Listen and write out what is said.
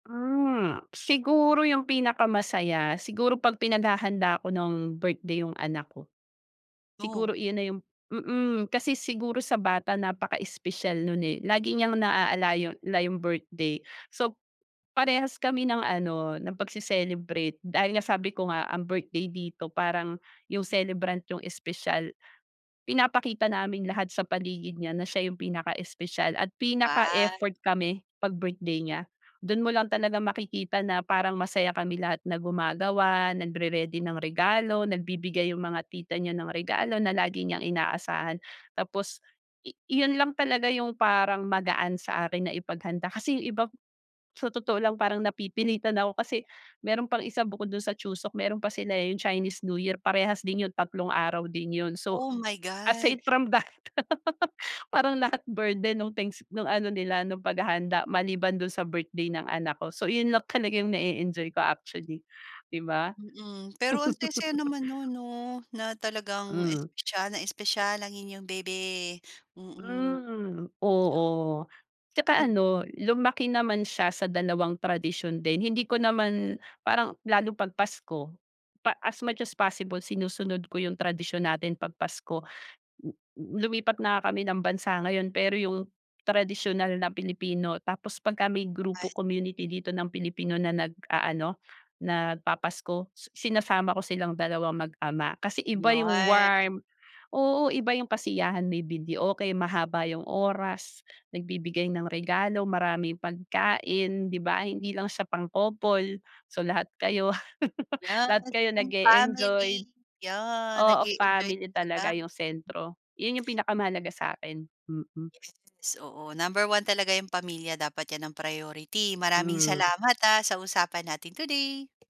Ah, siguro yung pinakamasaya siguro pag pinaghahanda ko ng birthday yung anak ko. Oh. Siguro iyun na yung mm. Kasi siguro sa bata napaka-espesyal no'n, eh, lagi niyang naaala yon la yung birthday. So, parehas kami ng ano ng pagse-celebrate dahil nga sabi ko nga ang birthday dito parang yung celebrant yung espesyal. Pinapakita namin lahat sa paligid niya na siya yung pinaka-espesyal at Wow! pinaka-effort kami pag birthday niya. Do'n mo lang talaga makikita na parang masaya kami lahat na gumagawa nagre-ready ng regalo nagbibigay yung mga tita niya ng regalo na lagi niyang inaasahan. Tapos i iyon lang talaga yung parang magaan sa akin na ipaghanda kasi yung iba sa totoo lang parang napipilitan ako kasi meron pang isa bukod dun sa Chuseok meron pa sila, eh, yung Chinese New Year parehas din yun tatlong araw din yun. So Oh, my God! aside from that parang lahat burden nung thanks nung ano nila nung paghahanda maliban do'n sa birthday ng anak ko. So, iyun lang talaga yung nae-enjoy ko actually, 'di ba? Mm. Pero ang saya-saya naman no'n, 'no? Na talagang Hmm. espesyal na espesyal ang inyong baby. Mm. Mm, Iyo oo. Tsaka Mm. ano lumaki naman siya sa dalawang tradisyon din, hindi ko naman parang lalo pag Pasko pa as much as possible sinusunod ko yung tradisyon natin pag Pasko n n lumipat na nga kami ng bansa ngayon pero yung tradisyonal na Pilipino tapos pagka may grupo Ayt community dito ng Pilipino na nag-aano nagpapasko su sinasama ko silang dalawang mag-ama. Kasi iba yung Yun. warm oo, iba yung kasiyahan, may videoke mahaba yung oras, nagbibigay ng regalo maraming pagkain, 'di ba? Hindi lang siya pang-couple, so, lahat kayo lahat Yes, kayo kung nag-e-enjoy. family yeah, Oo, nag-e-enjoy family talaga talaga. yung sentro. Yun yung pinakamahalaga sa'kin. Mm. Yes, oo number 1 talaga yung pamilya dapat 'yan ang priority. Maraming Mm. salamat, ah, sa usapan natin today.